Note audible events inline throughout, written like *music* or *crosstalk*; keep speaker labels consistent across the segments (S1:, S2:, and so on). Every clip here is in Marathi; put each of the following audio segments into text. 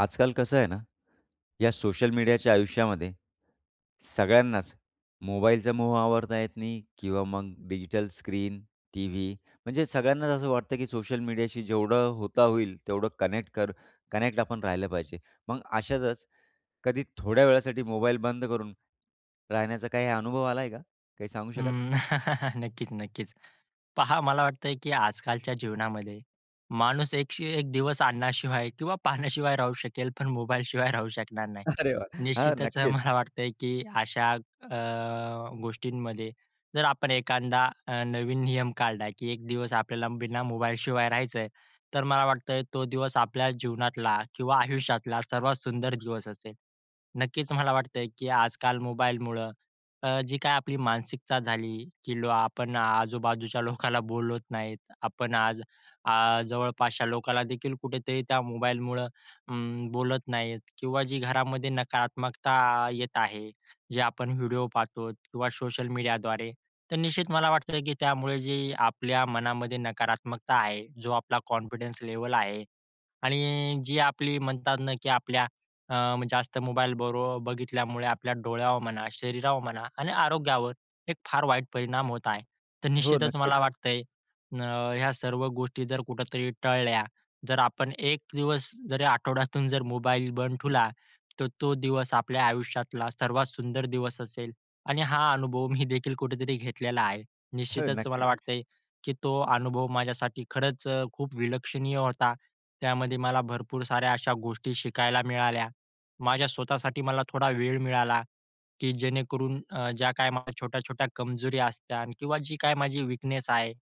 S1: आजकाल कसं आहे ना, या सोशल मीडियाच्या आयुष्यामध्ये, सगळ्यांनाच मोबाईलचा मोह आवरता येत नाही किंवा मग डिजिटल स्क्रीन, टीव्ही म्हणजे सगळ्यांनाच असं वाटतं, की सोशल मीडियाशी जेवढं होता होईल तेवढं कनेक्ट कर कनेक्ट आपण राहिलं पाहिजे. मग अशातच कधी थोड्या वेळासाठी मोबाईल बंद करून, राहण्याचा काही अनुभव आलाय आहे का, काही सांगू शकाल?
S2: अं, *chuckles* नक्कीच, नक्कीच. पहा मला वाटतंय, की आजकालच्या जीवनामध्ये माणूस एक, एक दिवस अन्नाशिवाय किंवा पाण्याशिवाय राहू शकेल, पण मोबाईलशिवाय राहू शकणार नाही.
S1: अरे वाह! हां,
S2: निश्चितच
S1: नक्कीच.
S2: मला वाटतंय की अशा अ, गोष्टींमध्ये जर आपण एखादा अ, नवीन नियम काढला, की एक दिवस आपल्याला बिना मोबाईलशिवाय राहायचं आहे, तर मला वाटतंय तो दिवस आपल्या जीवनातला किंवा आयुष्यातला सर्वात सुंदर दिवस असेल. नक्कीच मला वाटतंय, की आजकाल मोबाईलमुळं अ, जी काही आपली मानसिकता झाली, की लो आपण आजूबाजूच्या लोकाला बोलत नाहीत. आपण आ आज जवळपासच्या लोकांनादेखील कुठेतरी त्या मोबाईलमुळं उम्म, बोलत नाहीत किंवा जी घरामध्ये नकारात्मकता येत आहे, जे आपण व्हिडिओ पाहतो किंवा सोशल मीडियाद्वारे. तर निश्चित मला वाटतं, की त्यामुळे जे आपल्या मनामध्ये नकारात्मकता आहे, जो आपला कॉन्फिडन्स लेव्हल आहे आणि जी आपली म्हणतात ना, की आपल्या अ, जास्त मोबाईल बरो बघितल्यामुळे आपल्या डोळ्यावर म्हणा, शरीरावर म्हणा आणि आरोग्यावर एक फार वाईट परिणाम होत आहे. तर
S1: हो,
S2: निश्चितच
S1: नक्कीच.
S2: मला वाटतंय अ, ह्या सर्व गोष्टी जर कुठेतरी टळल्या जर आपण एक दिवस जरी आठवड्यातून जर मोबाईल बंद ठेवला, तर तो दिवस आपल्या आयुष्यातला सर्वात सुंदर दिवस असेल आणि हा अनुभव मी देखील कुठेतरी घेतलेला आहे.
S1: हो,
S2: निश्चितच मला
S1: नक्कीच.
S2: वाटतय, की तो अनुभव माझ्यासाठी खरंच खूप विलक्षणीय होता. त्यामध्ये मला भरपूर साऱ्या अशा गोष्टी शिकायला मिळाल्या. माझ्या स्वतःसाठी मला थोडा वेळ मिळाला, की जेणेकरून अ, ज्या काही माझ्या छोट्या-छोट्या कमजोरी असते किंवा जी काही माझी वीकनेस आहे.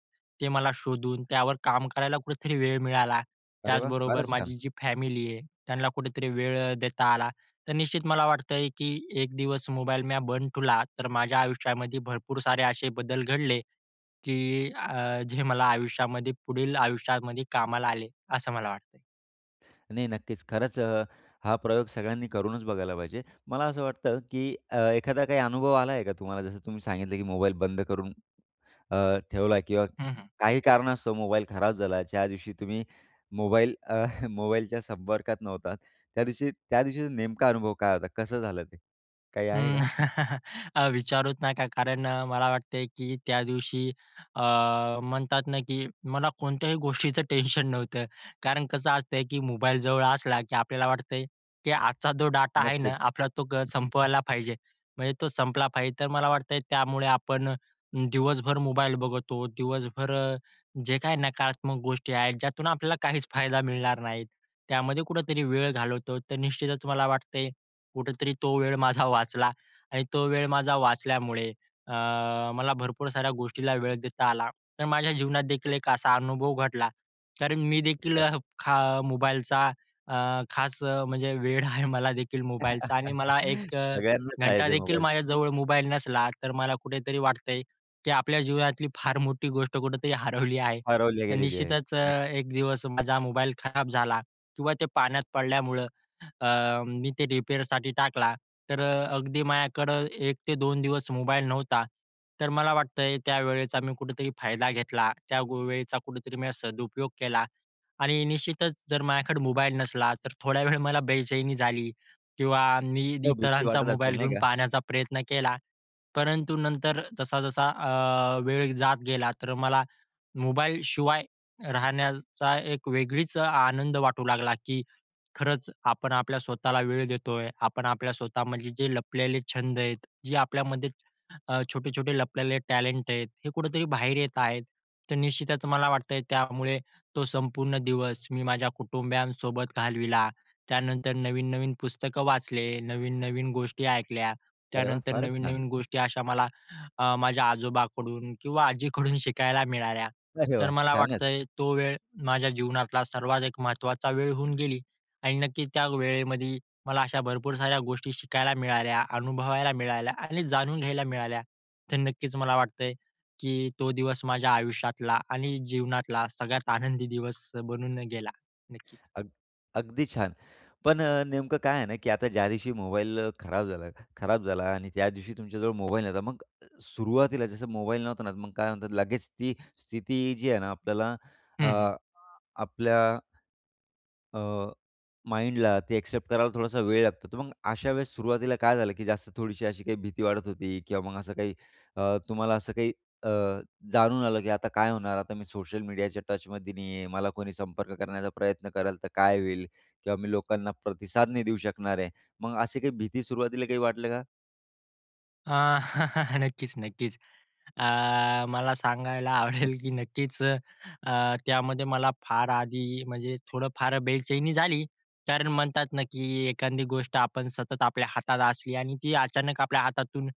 S2: ते मला शोधून त्यावर काम करायला कुठेतरी वेळ मिळाला
S1: अरे वाह!
S2: त्याचबरोबर
S1: फारच छान.
S2: माझी जी फॅमिली आहे त्यांना कुठेतरी वेळ देता आला तर निश्चित मला वाटतंय, की एक दिवस मोबाईल मी बंद ठेवला तर माझ्या आयुष्यामध्ये भरपूरसारे असे बदल घडले, की अ, जे मला आयुष्यामध्ये पुढील आयुष्यामध्ये कामाला आले असं मला वाटतंय.
S1: नाही, नक्कीच. खरंच अ, हा प्रयोग सगळ्यांनी करूनच बघायला पाहिजे. मला असं वाटतं, की अ, एखादा काही अनुभव आला आहे का तुम्हाला? जसं तुम्ही सांगितलं, की मोबाईल बंद करून अ, ठेवला किंवा
S2: हं, हं
S1: काही कारणास्तव मोबाईल खराब झाला, ज्या दिवशी तुम्ही मोबाईल अ, *chuckles* मोबाईलच्या संपर्कात नव्हता, त्या दिवशी त्या दिवशीचा नेमका अनुभव काय होता? कसं झालं ते काही आहे
S2: अं,
S1: का?
S2: *chuckles* विचारुचं नका कारण मला वाटतंय, की त्या दिवशी अ, म्हणतात ना, की मला कोणत्याही गोष्टीचं टेन्शन नव्हतं. कारण कसं असतंय की मोबाईल जवळ असला की आपल्याला वाटतंय, की आजचा जो डाटा आहे ना,
S1: नक्कीच.
S2: आपला तो ग संपवायला पाहिजे. म्हणजे तो संपला पाहिजे. तर मला वाटतंय, त्यामुळे आपण दिवसभर मोबाईल बघतो, दिवसभर जे काही नकारात्मक गोष्टी आहेत, ज्यातून आपल्याला काहीच फायदा मिळणार नाहीत, त्यामध्ये कुठेतरी वेळ घालवतो. तर निश्चितच मला वाटत कुठेतरी तो वेळ माझा वाचला आणि तो वेळ माझा वाचल्यामुळे अ, मला भरपूर साऱ्या गोष्टीला वेळ देता आला. तर माझ्या जीवनात देखील एक असा अनुभव घडला तर मी देखील
S1: अच्छा.
S2: अ, खा मोबाईलचा अ, खास म्हणजे वेड आहे मला देखील मोबाईलचा आणि मला
S1: *chuckles*
S2: एक अ,
S1: सगळ्यांनाच आहे ते
S2: घंटादेखील
S1: मोबाईलच.
S2: माझ्याजवळ मोबाईल नसला तर मला कुठेतरी वाटतंय, की आपल्या जीवनातली फार मोठी गोष्ट कुठेतरी हरवली आहे.
S1: हरवल्या
S2: तर
S1: गेलेली आहे,
S2: निश्चितच अ,
S1: नक्कीच.
S2: एक दिवस माझा मोबाईल खराब झाला किंवा ते पाण्यात पडल्यामुळं अ, मी ते रिपेअरसाठी टाकला तर अ, अगदी माझ्याकडं 1-2 दिवस मोबाईल नव्हता. तर मला वाटतंय, त्यावेळेचा मी कुठेतरी फायदा घेतला त्या, गो वेळेचा कुठेतरी मी सदुपयोग केला आणि निश्चितच जर माझ्याकडे मोबाईल नसला तर थोड्या वेळ मला बेचैनी झाली किंवा मी
S1: हो, भीती
S2: इतरांचा
S1: वाटत असेल
S2: मोबाईल
S1: नाही
S2: घेऊन
S1: का?
S2: पाहण्याचा प्रयत्न केला, परंतु नंतर जसा-जसा अ, वेळ जात गेला तर मला मोबाईलशिवाय राहण्याचा एक वेगळीच आनंद वाटू लागला, की खरंच आपण आपल्या स्वतःला वेळ देतोय, आपण आपल्या स्वतःमधले जे लपलेले छंद आहेत, जे आपल्यामध्ये अ, छोटे-छोटे लपलेले टॅलेंट आहेत, हे कुठेतरी बाहेर येत आहेत. तर निश्चितच मला वाटतंय, त्यामुळे तो संपूर्ण दिवस मी माझ्या कुटुंबयांसोबत घालविला. त्यानंतर नवीन-नवीन पुस्तकं वाचले, नवीन-नवीन गोष्टी ऐकल्या,
S1: अरे वाह!
S2: त्यानंतर
S1: फारच छान!
S2: नवीन-नवीन गोष्टी अशा मला अ, माझ्या आजोबाकडून किंवा आजीकडून शिकायला मिळाल्या.
S1: अरे
S2: तर
S1: वाह!
S2: मला
S1: छानच!
S2: वाटतंय, तो वेळ माझ्या जीवनातला सर्वात एक महत्त्वाचा वेळ होऊन गेली आणि नक्कीच त्या वेळेमध्ये मला अशा भरपूर साऱ्या गोष्टी शिकायला मिळाल्या, अनुभवायला मिळाल्या आणि जाणून घ्यायला मिळाल्या. तर नक्कीच मला वाटतंय की तो दिवस माझ्या आयुष्यातला आणि जीवनातला सगळ्यात आनंदी दिवस बनून गेला नक्कीच.
S1: अगदी अगदी छान! पण अ, नेमकं काय आहे ना, की आता ज्यादिवशी मोबाईल अ, खराब झाला खराब झाला आणि त्या दिवशी तुमच्याजवळ मोबाईल नव्हता मग अ, सुरुवातीला जसं मोबाईल नव्हता ना मग काय म्हणतात लगेच ती स्थिती जी आहे ना, आपल्याला अ,
S2: हं, हं
S1: अ, आपल्या अ, माईंड ला ते एक्सेप्ट करायला थोडासा वेळ लागतो. तर मग अशा वेळेस सुरुवातीला काय झालं? की जास्त थोडीशी अशी काही भीती वाटत होती? किंवा मग असं काही अ, तुम्हाला असं काही अ, जाणून आलं की आता काय होणार? आता मी सोशल मीडियाच्या टचमध्ये नाही आहे. मला कोणी संपर्क करण्याचा प्रयत्न कराल तर काय होईल किंवा मी लोकांना प्रतिसाद नाही देऊ शकणार आहे. मग अशी काही भीती सुरुवातीला काही वाटलं का?
S2: आ, *chuckles* नक्कीच, नक्कीच. अ, मला सांगायला *chuckles* आवडेल, की नक्कीच अ, त्यामध्ये मला फार आधी म्हणजे थोडं फार बेचैनी झाली. कारण म्हणतात ना, की एखादी गोष्ट आपण सतत आपल्या हातात असली आणि ती अचानक आपल्या हातातून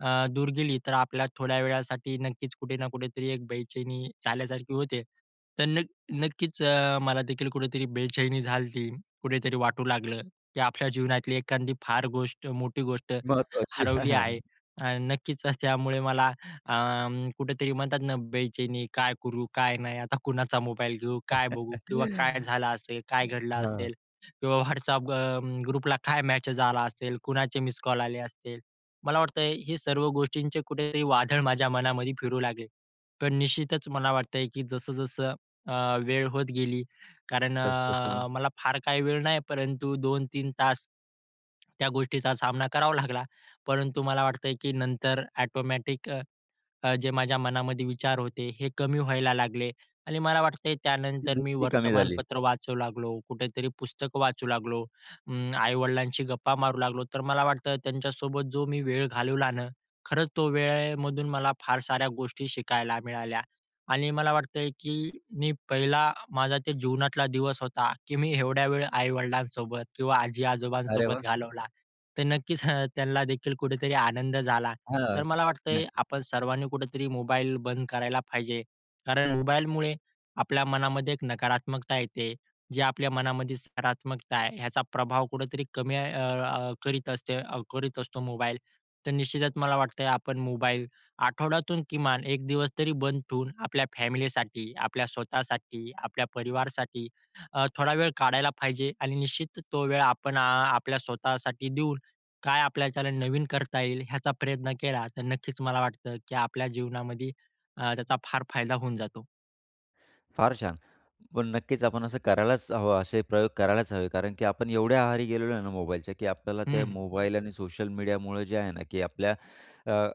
S2: अ, दूर गेली, तर आपल्या थोड्या वेळासाठी नक्कीच कुठे ना कुठेतरी एक बेचैनी झाल्यासारखी होते. तर नक्क नक्कीच अ, मला देखील कुठेतरी बेचैनी झालती. कुठेतरी वाटू लागलं, की आपल्या जीवनातली एखादी फार गोष्ट मोठी गोष्ट
S1: महत्वाची. हां,
S2: हरवली आहे.
S1: हां.
S2: अ, नक्कीच, त्यामुळे मला अ, कुठेतरी म्हणतात ना, बेचैनी काय करू, काय नाही आता कुणाचा मोबाईल घेऊ, काय बघू किंवा काय
S1: *chuckles*
S2: झालं असेल? काय घडलं
S1: हां.
S2: असेल? किंवा WhatsApp अ, ग ग्रुप ला काय मेसेज आला असेल? कुणाचे मिसकॉल आले असतील? मला वाटतंय, हे सर्व गोष्टींचे कुठेतरी वादळ माझ्या मनामध्ये फिरू लागले. तर निश्चितच मला वाटतंय, की जसं-जसं अ, वेळ होत गेली, कारण
S1: तसं-तसं
S2: अ,
S1: मग
S2: मला फार काही वेळ नाही परंतु 2-3 तास त्या गोष्टीचा सामना करावा लागला. परंतु मला वाटतंय, की नंतर ऑटोमॅटिक अ, अ, जे माझ्या मनामध्ये विचार होते, हे कमी व्हायला लागले आणि मला वाटतंय
S1: ती
S2: त्यानंतर मी
S1: भीती कमी झाली.
S2: वर्तमानपत्र वाचू लागलो, कुठेतरी पुस्तकं वाचू लागलो, अं, आई-वडिलांशी गप्पा मारू लागलो. तर मला वाटतं त्यांच्यासोबत जो मी वेळ घालवला ना, खरंच तो वेळेमधून मला फार साऱ्या गोष्टी शिकायला मिळाल्या आणि मला वाटतंय, की मी पहिला माझा ते जीवनातला दिवस होता, की मी एवढ्या वेळ आई-वडिलांसोबत किंवा
S1: अरे वाह!
S2: आजी-आजोबांसोबत घालवला. तर नक्कीच अ, *chuckles* त्यांना देखील कुठेतरी आनंद झाला.
S1: हां,
S2: तर मला वाटतंय
S1: नक्की.
S2: आपण सर्वांनी कुठेतरी मोबाईल बंद करायला पाहिजे. कारण मोबाईलमुळे आपल्या मनामध्ये एक नकारात्मकता येते. जे आपल्या मनामध्ये सकारात्मकता आहे ह्याचा प्रभाव कुठेतरी कमी अ, अ, करीत असते करीत असतो मोबाईल. तर निश्चितच मला वाटतंय, आपण मोबाईल आठवड्यातून किमान 1 दिवस तरी बंद ठेवून आपल्या फॅमिलीसाठी, आपल्या स्वतःसाठी, आपल्या परिवारासाठी अ, थोडा वेळ काढायला पाहिजे आणि निश्चित तो वेळ आपण अ, आपल्या स्वतःसाठी देऊन काय आपल्याच्यान नवीन करता येईल ह्याचा प्रयत्न केला. तर नक्कीच मला वाटतं, की आपल्या जीवनामध्ये अ, त्याचा फार फायदा होऊन जातो.
S1: फार छान, पण नक्कीच आपण असं करायलाच हवं, असे प्रयोग करायलाच हवे कारण की आपण एवढ्या आहारी गेलेलो आहे ना, मोबाईलच्या की आपल्याला
S2: हं,
S1: ते
S2: हं.
S1: मोबाईल आणि सोशल मीडियामुळं जे आहे ना, की आपल्या अ,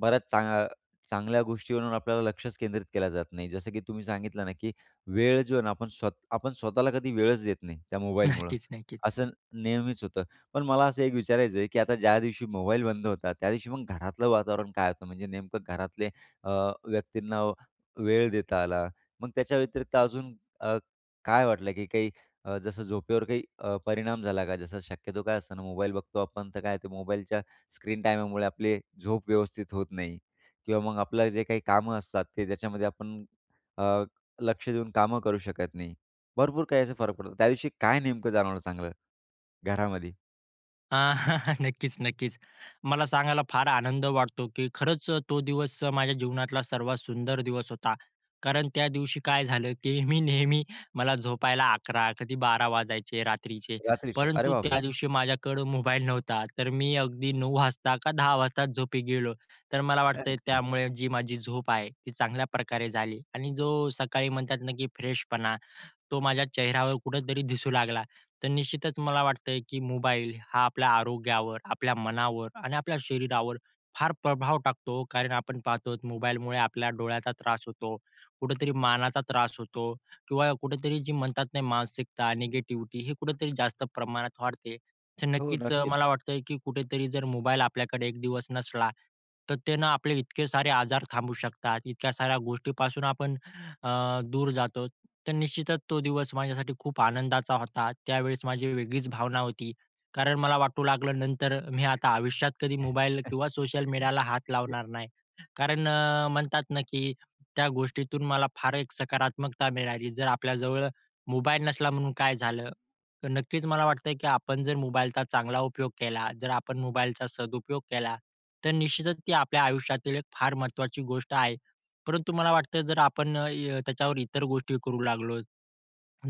S1: बऱ्याच चांग चांगल्या गोष्टीवरून आपल्याला लक्षच केंद्रित केलं जात नाही जसं की तुम्ही सांगितलं ना, की वेळ जो आहे ना, आपण स्व आपण स्वतःला कधी वेळच देत नाही त्या मोबाईलमुळं,
S2: नक्कीच, नक्कीच.
S1: असं नेहमीच होतं. पण मला असं एक विचारायचं आहे, की आता ज्या दिवशी मोबाईल बंद होता, त्यादिवशी मग घरातलं वातावरण काय होतं? म्हणजे नेमकं घरातले अ, व्यक्तींना वेळ देता आला मग त्याच्याव्यतिरिक्त अजून अ, काय वाटलं की काही अ, जसं झोपेवर काही अ, परिणाम झाला का जसं शक्यतो काय असतं ना मोबाईल बघतो आपण तर काय आहे ते मोबाईलच्या स्क्रीन टाइममुळे आपली झोप व्यवस्थित होत नाही किंवा मग आपलं जे काही कामं असतात ते त्याच्यामध्ये आपण अ, लक्ष देऊन कामं करू शकत नाही. भरपूर काही असा फरक पडतो त्यादिवशी काय नेमकं जाणवलं चांगलं घरामध्ये?
S2: अ, *chuckles* नक्कीच, नक्कीच. मला सांगायला फार आनंद वाटतो, की खरंच अ, तो दिवस माझ्या जीवनातला सर्वात सुंदर दिवस होता कारण त्या दिवशी काय झालं, की मी नेहमी, मला झोपायला 11, कधी 12 वाजायचे रात्रीचे
S1: रात्रीच्या, अरे
S2: परंतु
S1: बापरे!
S2: त्यादिवशी माझ्याकडं मोबाईल नव्हता तर मी अगदी 9 वाजता का 10 वाजता झोपी गेलो. तर मला वाटतं
S1: अच्छा.
S2: त्यामुळे जी माझी झोप आहे ती चांगल्या प्रकारे झाली आणि जो सकाळी म्हणतात ना, की फ्रेशपणा तो माझ्या चेहऱ्यावर कुठेतरी दिसू लागला, तर निश्चितच मला वाटतंय की मोबाईल हा आपल्या आरोग्यावर, आपल्या मनावर आणि आपल्या शरीरावर फार प्रभाव टाकतो कारण आपण पाहतो आहोत मोबाईलमुळे आपल्या डोळ्याचा त्रास होतो, कुठेतरी मानाचा त्रास होतो किंवा कुठेतरी जे म्हणतात नाही मानसिकता, निगेटिविटी हे कुठेतरी जास्त प्रमाणात वाढते, तर
S1: हो,
S2: नक्कीच अ,
S1: नक्कीच.
S2: मला वाटतं की कुठेतरी जर मोबाईल आपल्याकडे एक दिवस नसला तर ते न आपले इतके सारे आजार थांबू शकतात, इतक्या साऱ्या गोष्टीपासून आपण अ, दूर जातो. तर निश्चितच तो दिवस माझ्यासाठी खूप आनंदाचा होता. त्यावेळेस माझी वेगळीच भावना होती कारण मला वाटू लागलं नंतर मी आता आयुष्यात कधी मोबाईल किंवा सोशल मीडियाला हात
S1: *chuckles*
S2: लावणार नाही. कारण अ, म्हणतात ना, की त्या गोष्टीतून मला फार एक सकारात्मकता मिळाली जर आपल्याजवळ मोबाईल नसला म्हणून काय झालं? नक्कीच मला वाटतंय की आपण जर मोबाईलचा चांगला उपयोग केला, जर आपण मोबाईलचा सदुपयोग केला तर निश्चितच ती आपल्या आयुष्यातील एक फार महत्त्वाची गोष्ट आहे परंतु मला वाटतं जर य आपण त्याच्यावर इतर गोष्टी करू लागलो.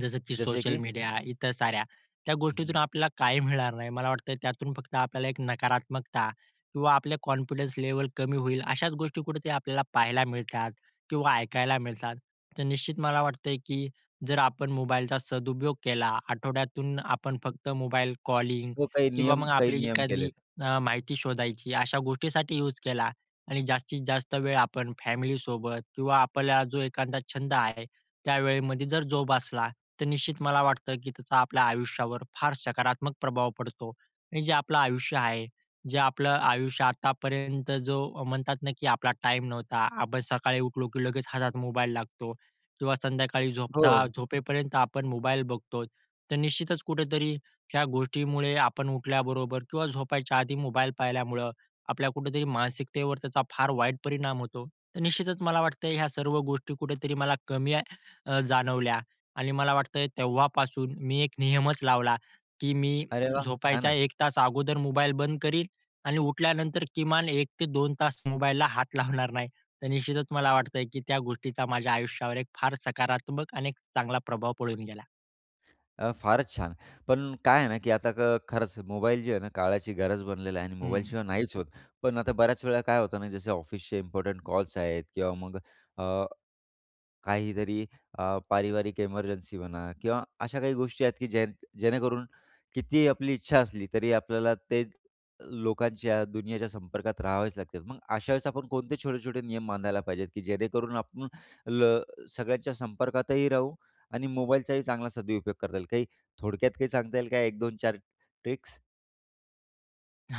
S2: जसं की
S1: जसे
S2: सोशल
S1: की?
S2: मीडिया इतर साऱ्या त्या गोष्टीतून
S1: हं.
S2: आपल्याला काही मिळणार नाही मला वाटतं त्यातून फक्त आपल्याला एक नकारात्मकता किंवा आपले कॉन्फिडन्स लेव्हल कमी होईल अशाच गोष्टी कुठे ते आपल्याला पाहायला मिळतात किंवा ऐकायला मिळतात. तर निश्चित मला वाटतंय की जर आपण मोबाईलचा सदुपयोग केला. आठवड्यातून आपण फक्त मोबाईल कॉलिंग
S1: तो काही
S2: किंवा
S1: नियम
S2: मग
S1: काही
S2: आपली
S1: नियम
S2: एखादी
S1: केलेत.
S2: अ, माहिती शोधायची अशा गोष्टीसाठी यूज केला आणि जास्तीत जास्त वेळ आपण फॅमिलीसोबत किंवा आपल्याला जो एखादा छंद आहे त्यावेळेमध्ये जर जोपासला, तर निश्चित मला वाटतं की त्याचा आपल्या आयुष्यावर फार सकारात्मक प्रभाव पडतो आणि जे आपलं आयुष्य आहे, जे आपलं आयुष्य आतापर्यंत जो म्हणतात ना, की आपला टाईम नव्हता. आपण सकाळी उठलो, की लगेच हातात मोबाईल लागतो किंवा संध्याकाळी झोपता
S1: हो.
S2: झोपेपर्यंत आपण मोबाईल बघतो तर निश्चितच कुठेतरी ह्या गोष्टीमुळे आपण उठल्याबरोबर किंवा झोपायच्या आधी मोबाईल पाहिल्यामुळं, आपल्या कुठेतरी मानसिकतेवर त्याचा फार वाईट परिणाम होतो. तर निश्चितच मला वाटतं ह्या सर्व गोष्टी कुठेतरी मला कमी अ, जाणवल्या आणि मला वाटतंय तेव्हापासून मी एक नियमच लावला, की मी
S1: अरे वाह!
S2: झोपायचा
S1: छानच.
S2: 1 तास अगोदर मोबाईल बंद करीन आणि उठल्यानंतर किमान 1 ते 2 तास मोबाईलला हात लावणार नाही. तर निश्चितच मला वाटतंय की त्या गोष्टीचा माझ्या आयुष्यावर एक फार सकारात्मक आणि एक चांगला प्रभाव पडून गेला.
S1: अ, फारच छान, पण काय आहे ना की आता खरंच मोबाईल जी आहे ना, काळाची गरज बनलेली आहे आणि
S2: हं.
S1: मोबाईलशिवाय नाहीच होत. पण आता बऱ्याचवेळा काय होतं ना जसं ऑफिसचे इम्पोर्टंट कॉल्स आहेत किंवा मग अ, काहीतरी अ, पारिवारिक इमर्जन्सी म्हणा किंवा अशा काही गोष्टी आहेत की जे जेणेकरून कितीही आपली इच्छा असली तरी आपल्याला ते, लोकांच्या दुनियेच्या संपर्कात राहावेच लागतात. मग अशावेळेस आपण कोणते छोटे-छोटे नियम बांधायला पाहिजेत, की जेणेकरून आपण ल सगळ्यांच्या संपर्कातही राहू आणि मोबाईलचाही चांगला सदुपयोग करता येईल, काही थोडक्यात काही सांगता येईल का 1-2-4 ट्रिक्स?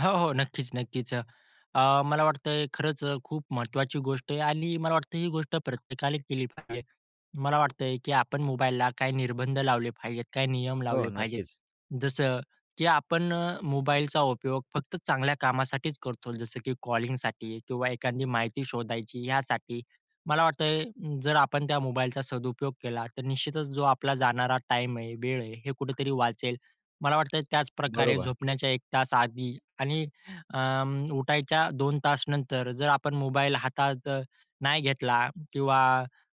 S2: हो, हो. नक्कीच नक्कीच, अ, अ मला वाटतंय खरंच खूप महत्त्वाची गोष्ट आहे आणि मला वाटतंय ही गोष्ट प्रत्येकाने केली पाहिजे. मला वाटतंय की आपण मोबाईलला काही निर्बंध लावले पाहिजेत. काही नियम
S1: हो,
S2: लावले पाहिजेत.
S1: नक्कीच.
S2: जसं की आपण अ, मोबाईलचा उपयोग फक्त चांगल्या कामासाठीच करतो जसं की कॉलिंगसाठी किंवा एखादी माहिती शोधायची यासाठी. मला वाटतंय जर आपण त्या मोबाईलचा सदुपयोग केला, तर निश्चितच जो आपला जाणारा टाईम आहे, वेळ आहे, हे कुठेतरी वाचेल. मला वाटतंय त्याचप्रकारे
S1: बरोबर.
S2: झोपण्याच्या 1 तास आधी आणि अं, उठायच्या 2 तासनंतर जर आपण मोबाईल हातात नाही घेतला किंवा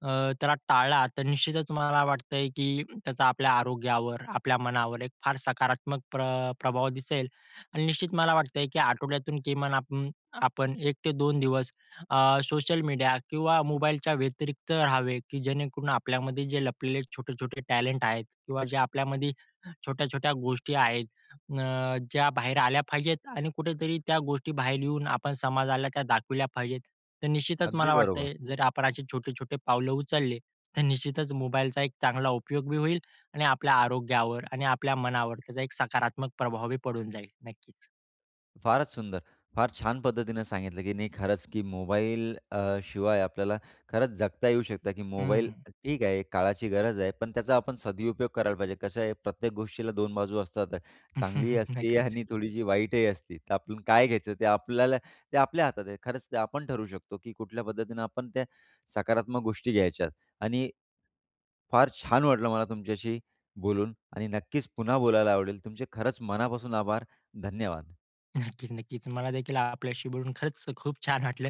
S2: अ, त्याला टाळला, तर निश्चितच मला वाटतंय की त्याचा आपल्या आरोग्यावर आपल्या मनावर एक फार सकारात्मक प्र प्रभाव दिसेल आणि निश्चित मला वाटतंय की आठवड्यातून किमान आपून आपण 1 ते 2 दिवस अ, सोशल मीडिया किंवा मोबाईलच्या व्यतिरिक्त रहावे की जेणेकरून आपल्यामध्ये जे लपलेले छोटे-छोटे टॅलेंट आहेत किंवा जे आपल्यामध्ये *inhales* छोट्या-छोट्या गोष्टी आहेत अ, ज्या बाहेर आल्या पाहिजेत आणि कुठेतरी त्या गोष्टीबाहेर येऊन आपण समाजाला त्या दाखविल्या पाहिजेत. तर निश्चितच
S1: अगदी
S2: मला
S1: बरोबर.
S2: वाटतंय जर आपण असे छोटे-छोटे पावलं उचलले तर निश्चितच मोबाईलचा एक चांगला उपयोग होईल आणि आपल्या आरोग्यावर आणि आपल्या मनावर त्याचा एक सकारात्मक प्रभाव पडून जाईल नक्कीच.
S1: फारच सुंदर! फार छान पद्धतीनं सांगितलं, की नाही खरंच की मोबाईल अ, शिवाय आपल्याला खरंच जगता येऊ शकतं की
S2: हं,
S1: मोबाईल
S2: हं.
S1: ठीक आहे काळाची गरज आहे, पण त्याचा आपण सदुपयोग करायला पाहिजे. कसं आहे प्रत्येक गोष्टीला 2 बाजू असतात. चांगलीही
S2: *laughs*
S1: असते
S2: नक्कीच.
S1: आणि थोडीशी वाईटही असती, तर आपण काय घ्यायचं ते आपल्याला ते आपल्या हातात आहे. खरंच ते आपण ठरवू शकतो की कुठल्या पद्धतीनं आपण त्या सकारात्मक गोष्टी घ्यायच्यात. आणि फार छान वाटलं मला तुमच्याशी बोलून आणि नक्कीच पुन्हा बोलायला आवडेल तुमचे खरंच मनापासून आभार. धन्यवाद.
S2: *chuckles* नक्कीच नक्कीच, मलादेखील आपल्याशी बोलून खरंच अ, खूप छान वाटलं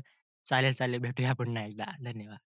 S2: चालेल चालेल भेटूया पुन्हा एकदा धन्यवाद.